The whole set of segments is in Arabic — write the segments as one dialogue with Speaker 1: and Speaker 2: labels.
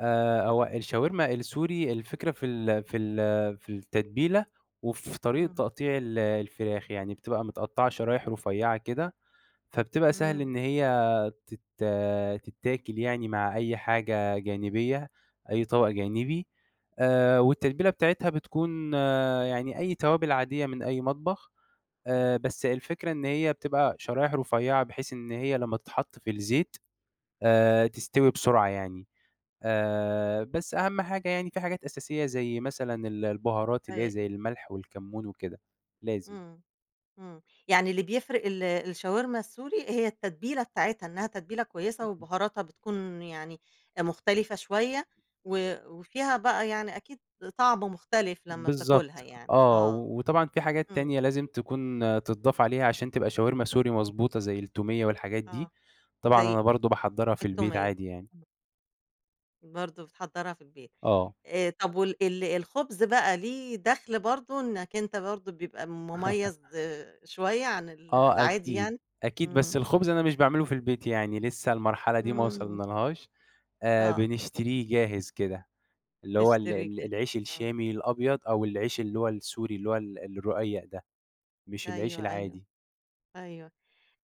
Speaker 1: آآ، هو الشاورما السوري الفكرة في ال في ال في التتبيلة وفي طريقة
Speaker 2: إمم.
Speaker 1: تقطيع ال الفراخ، يعني بتبقى متقطّعة شرايح رفيّعة كده، فبتبقى سهل
Speaker 2: إمم.
Speaker 1: إن هي تت تتاكِل يعني، مع أي حاجة جانبية، أي طَبَق جانبي آآ، والتتبيلة بتاعتها بتكون يعني أي توابل عادية من أي مطبخ آآ، بس الفكرة إن هي بتبقى شرايح رفيّعة، بحيث إن هي لمّا تتحط في الزيت آآ، تستوي بسرعة يعني آآ، بس أهم حاجة يعني في حاجات أساسية زي مثلًا ال البُهارات اللي هي
Speaker 2: [unintelligible]
Speaker 1: زي المَلْح والكمّون وكده، لازم.
Speaker 2: إمم، إمم يعني اللي بيفرِق ال الشاورما السوري هي التتبيلة بتاعتها، إنها تتبيلة كويسة وبُهاراتها بتكون يعني مختلفة شوية و وفيها بقى يعني أكيد طعم مختلف لمّا بتاكلها
Speaker 1: بالضبط
Speaker 2: يعني،
Speaker 1: آه،
Speaker 2: آه،
Speaker 1: و وطبعًا في حاجات
Speaker 2: إمم.
Speaker 1: تانية لازم تكون تتضّاف عليها عشان تبقى شاورما سوري مضبوطة، زي التوميّة والحاجات
Speaker 2: آه،
Speaker 1: دي، طبعًا
Speaker 2: زي
Speaker 1: أنا برضه باحضّرها في البيت
Speaker 2: التوميّة،
Speaker 1: عادي يعني.
Speaker 2: امم. برضه بتحضّرها في البيت.
Speaker 1: آه.
Speaker 2: آآ، طَب وال ال الخُبز بقى ليه دخل برضه إنك أنت برضه بيبقى مميّز شوية عن ال
Speaker 1: آه،
Speaker 2: العادي
Speaker 1: أكيد،
Speaker 2: يعني،
Speaker 1: أكيد
Speaker 2: إمم.
Speaker 1: بس الخُبز أنا مش باعملُه في البيت يعني لِسّه المرحلة دي ما
Speaker 2: إمم.
Speaker 1: وصلنالهاش آآ،
Speaker 2: آه.
Speaker 1: بنشتريه جاهز كده، اللي هو ال
Speaker 2: تشتري
Speaker 1: ال
Speaker 2: جاهز،
Speaker 1: العيش
Speaker 2: آه.
Speaker 1: الشامي الأبيض، أو العيش اللي هو السوري اللي هو ال الرقيّق ده، مش العيش
Speaker 2: أيوه، أيوه،
Speaker 1: العادي.
Speaker 2: أيوه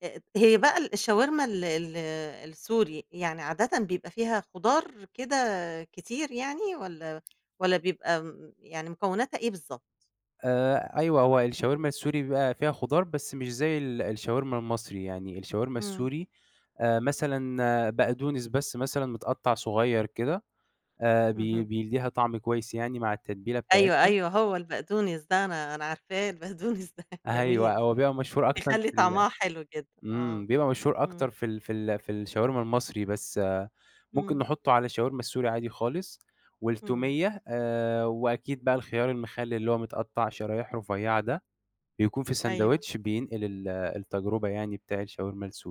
Speaker 2: آآ، هي بقى ال الشاورما ال ال السوري، يعني عادةً بيبقى فيها خُضار كده كتير، يعني والَّا والَّا بيبقى م يعني مكوناتها إيه بالضبط؟
Speaker 1: آآ، أيوه هو الشاورما السوري بيبقى فيها خُضار بس مش زي ال الشاورما المصري، يعني الشاورما
Speaker 2: إمم.
Speaker 1: السوري آآ، مثلًا بقدونس بس مثلًا متقطّع صغيّر كده، آآ، بي
Speaker 2: اهم.
Speaker 1: بيدّيها طعم كويس يعني مع التتبيلة
Speaker 2: أيوه،
Speaker 1: بتاعتها.
Speaker 2: أيوه، هو البقدونس ده أنا أنا عارفاه البقدونس ده
Speaker 1: أيوه،
Speaker 2: جميل،
Speaker 1: هو بيبقى مشهور أكتر
Speaker 2: هيخلّي
Speaker 1: في ال
Speaker 2: طعمها حلو جدًا، آه،
Speaker 1: إمم، بيبقى مشهور
Speaker 2: إمم.
Speaker 1: أكتر في ال في ال في الشاورما المصري، بس ممكن
Speaker 2: إمم.
Speaker 1: نحطُّه على الشاورما السوري عادي خالص،
Speaker 2: إمم.
Speaker 1: والتوميّة آآ، وأكيد بقى الخيار المخلِّل اللي هو متقطع شرايح رفيّعة ده، بيكون في
Speaker 2: أيوه.
Speaker 1: ساندويتش بينقل ال التجربة يعني بتاع الشاورما السوري.